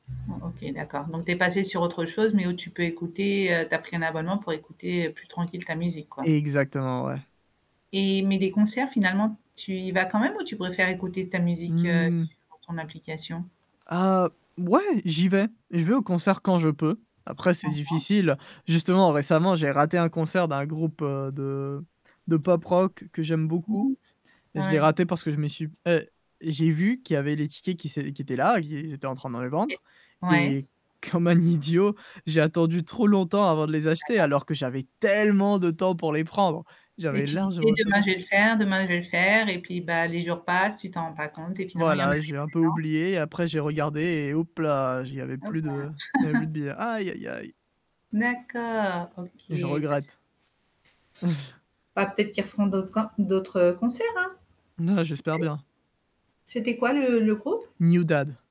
Bon, OK, d'accord. Donc tu es passé sur autre chose, mais où tu peux écouter, heu tu as pris un abonnement pour écouter, heu, plus tranquille ta musique, quoi. Exactement, ouais. Et mais les concerts finalement tu y vas quand même ou tu préfères écouter ta musique, heu, Mmh. sur ton application? Ah, b ouais j'y vais. Je vais au concert quand je peux. Après, c'est Mmh mh. difficile, justement récemment j'ai raté un concert d'un groupe, heu, de de pop rock que j'aime beaucoup [unintelligible] et je l'ai ouais. raté parce que je m'y suis et j'ai vu qu'il y avait les tickets qui s'ét qui étaient là, ils ils étaient en train de les vendre, Et ouais. et comme un idiot, j'ai attendu trop longtemps avant de les acheter D'accord. alors que j'avais tellement de temps pour les prendre. Et J'avais tu largement disais le demain temps. je vais le faire, demain je vais le faire, et puis bah, les jours passent, tu t'en rends pas compte et finalement il y en a Voilà, j'ai un peu [unintelligible] oublié et après j'ai regardé et houp-là, j' il y avait Oh, plus bah de il y avait plus de billets. Aïe, aïe, aïe! D'accord, OK. Je Bah, c' regrette. Bah, peut-être qu'ils referont d'autres un d'autres, heu, concerts, hein? Non, Qui j'espère sait? bien. C'était quoi le le groupe? NewDad.